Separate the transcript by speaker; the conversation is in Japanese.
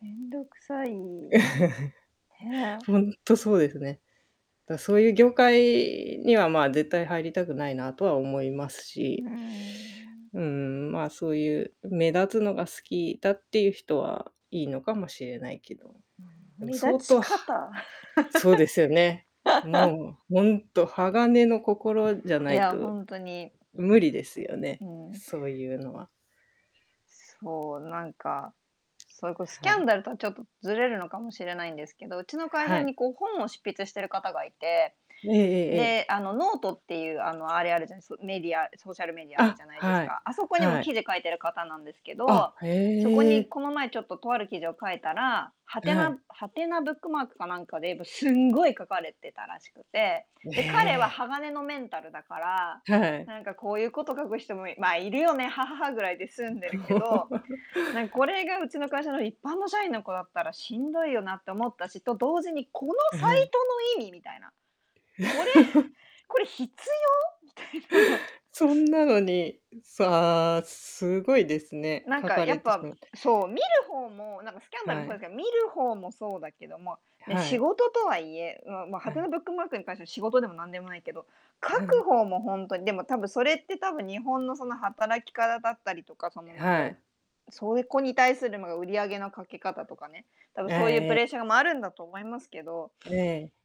Speaker 1: 面倒くさいね。
Speaker 2: ほんっとそうですね。だ、そういう業界には、ま、絶対入りたくないなとは思います
Speaker 1: うー
Speaker 2: し、
Speaker 1: ん。
Speaker 2: うん、まあ、そういう目立つのが好きだっていう人はいいのかもしれないけど。
Speaker 1: うん、
Speaker 2: でも
Speaker 1: 目
Speaker 2: 相
Speaker 1: 立ち
Speaker 2: 当は
Speaker 1: 方。
Speaker 2: そうですよね、もうほんっと鋼の心じゃ
Speaker 1: い
Speaker 2: ない
Speaker 1: や、ほ
Speaker 2: と、
Speaker 1: んとに。
Speaker 2: 無理ですよね、
Speaker 1: んうん。
Speaker 2: そういうのは
Speaker 1: そう。なんか、そいこうスキ
Speaker 2: は
Speaker 1: ャン
Speaker 2: い。
Speaker 1: ダルとはちょっとずれるのかもしれないんですけど、うちの会社
Speaker 2: はい。
Speaker 1: にこう本を執筆してる方がいて。
Speaker 2: ええええええ。
Speaker 1: で、あのノートっていう、あの、あれあるじゃないメディアソーシャルメディアある
Speaker 2: あ、
Speaker 1: じゃないです
Speaker 2: はい、
Speaker 1: か。あそこにも
Speaker 2: はい。
Speaker 1: 記事書いてる方なんですけど。
Speaker 2: あ、
Speaker 1: そこ
Speaker 2: へ
Speaker 1: に
Speaker 2: え。
Speaker 1: この前ちょっととある記事を書いたら、は
Speaker 2: う、
Speaker 1: て
Speaker 2: は
Speaker 1: な
Speaker 2: い。
Speaker 1: はてなブックマークかなんかで、ぶすんごい書かれてたらしくて。
Speaker 2: え
Speaker 1: で、彼は
Speaker 2: え。
Speaker 1: 鋼のメンタルだから
Speaker 2: はい。
Speaker 1: 「なんかこういうこと書く人も、いま、いるよね、ははは」ぐらいで済んでるけど、なんこれがうちの会社の一般の社員の子だったらしんどいよなって思ったし、と同時に、この
Speaker 2: え、
Speaker 1: サ
Speaker 2: は
Speaker 1: イ
Speaker 2: い。
Speaker 1: トの意味みたいな。これ、これ必要、みたいな。
Speaker 2: そんなのにさあ、すごいですね、
Speaker 1: なん
Speaker 2: 書
Speaker 1: か
Speaker 2: か
Speaker 1: や
Speaker 2: れ
Speaker 1: っ
Speaker 2: てし
Speaker 1: ぱ、
Speaker 2: まって
Speaker 1: そう、見る方もなんかスキャンダルも
Speaker 2: は
Speaker 1: そうです
Speaker 2: い。
Speaker 1: けど、見る方もそうだけども、ね、
Speaker 2: は
Speaker 1: 仕
Speaker 2: い。
Speaker 1: 事とはいえまま、は
Speaker 2: は
Speaker 1: て
Speaker 2: い。
Speaker 1: なブックマークに関しては、仕事でもなんでもないけど、書
Speaker 2: は
Speaker 1: く
Speaker 2: い。
Speaker 1: 方もほんとにでも多分、それって多分、日本のその働き方だったりとか、そのなん
Speaker 2: は
Speaker 1: か、
Speaker 2: い。
Speaker 1: そういう子に対する、ま、売り上げの掛け方とかね、多分
Speaker 2: え
Speaker 1: そういう
Speaker 2: え、
Speaker 1: プ
Speaker 2: え
Speaker 1: レッシャーもあるんだと思いますけど
Speaker 2: ええ。